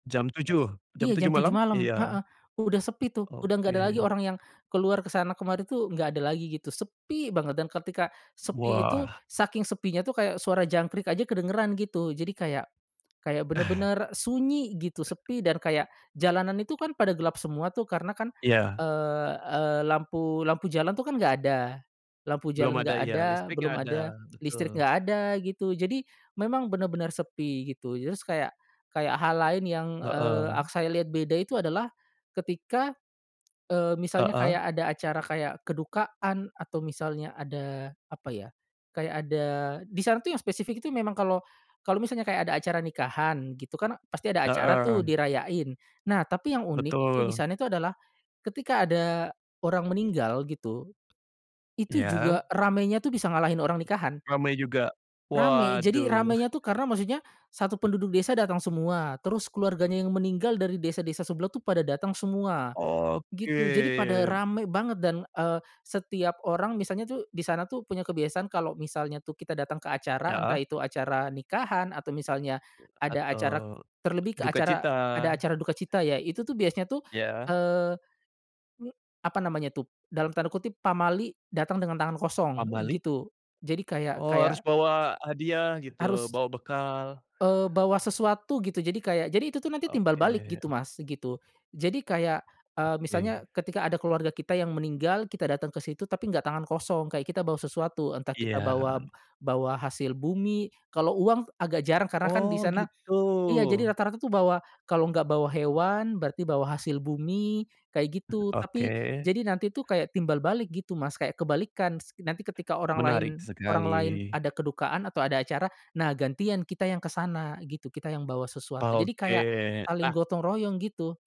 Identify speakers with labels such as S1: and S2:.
S1: Jam 7.00 jam
S2: Iya
S1: 7.00
S2: jam 7.00
S1: malam?
S2: malam,
S1: Iya.
S2: heeh, udah sepi tuh, udah nggak ada lagi
S1: Oke.
S2: orang yang, keluar ke sana kemari tuh nggak ada lagi gitu, sepi banget dan ketika sepi itu,
S1: Wah.
S2: saking sepinya tuh kayak suara jangkrik aja kedengeran gitu jadi kayak kayak bener-bener sunyi gitu sepi dan kayak jalanan itu kan pada gelap semua tuh karena kan,
S1: Iya.
S2: eee eee, lampu lampu jalan tuh kan nggak ada, lampu
S1: Belum
S2: jalan nggak
S1: ada, iya,
S2: ada,
S1: listrik nggak
S2: belum
S1: ada,
S2: ada listrik,
S1: betul.
S2: nggak ada gitu, jadi memang bener-bener sepi gitu terus kayak kayak hal lain yang, eee, ak
S1: Heeh.
S2: saya lihat beda itu adalah, ketika, eee, misalnya
S1: Heeh
S2: kayak ada acara kayak kedukaan atau misalnya ada apa ya, kayak ada disana tuh yang spesifik itu memang kalau kalau misalnya kayak ada acara nikahan gitu kan pasti ada acara tuh
S1: Heeh.
S2: dirayain, nah tapi yang unik itu
S1: Betul.
S2: disana itu adalah, ketika ada orang meninggal gitu, itu
S1: Iya.
S2: juga ramainya tuh bisa ngalahin orang nikahan.
S1: Ramai juga
S2: Ramai jadi
S1: waduh.
S2: ramainya tuh karena maksudnya, satu penduduk desa dateng semua terus keluarganya yang meninggal dari desa-desa sebelah tuh pada dateng semua,
S1: Oke.
S2: gitu jadi pada rame banget dan, eee, setiap orang misalnya tuh di sana tuh punya kebiasaan kalo misalnya tuh kita datang ke acara
S1: Heeh.
S2: entah itu acara nikahan atau misalnya,
S1: Hat
S2: ada acara
S1: eee,
S2: terlebih ke acara
S1: dukacita.
S2: ada acara dukacita ya, itu tuh biasanya tuh,
S1: Ya.
S2: eee, apa namanya tuh dalam tanda kutip pamali datang dengan tangan kosong
S1: Pamali?
S2: gitu, jadi kayak
S1: Oh, harus
S2: kayak
S1: bawa hadiah gitu,
S2: Harus.
S1: bawa bekal.
S2: Eee, bawa sesuatu gitu, jadi kayak jadi itu tuh nanti timbal
S1: Oke
S2: balik gitu Mas, gitu, jadi kayak, eee, misalnya
S1: Oke.
S2: ketika ada keluarga kita yang meninggal kita datang kesitu tapi nggak tangan kosong, kayak kita bawa sesuatu, entah kita
S1: Iya.
S2: bawa bawa hasil bumi, kalau uang agak jarang karena kan di
S1: Oh
S2: sana
S1: gitu.
S2: iya jadi rata-rata tuh bawa kalau nggak bawa hewan berarti bawa hasil bumi, kayak
S1: Hmm,
S2: gitu, tapi
S1: oke.
S2: jadi nanti tuh kayak timbal balik gitu Mas, kayak kebalikan s nanti ketika orang lain
S1: Menarik
S2: orang
S1: sekali
S2: lain ada kedukaan atau ada acara, nah gantian kita yang ke sana gitu, kita yang bawa sesuatu, jadi kayak,
S1: Oke,
S2: saling
S1: nah
S2: gotong royong gitu.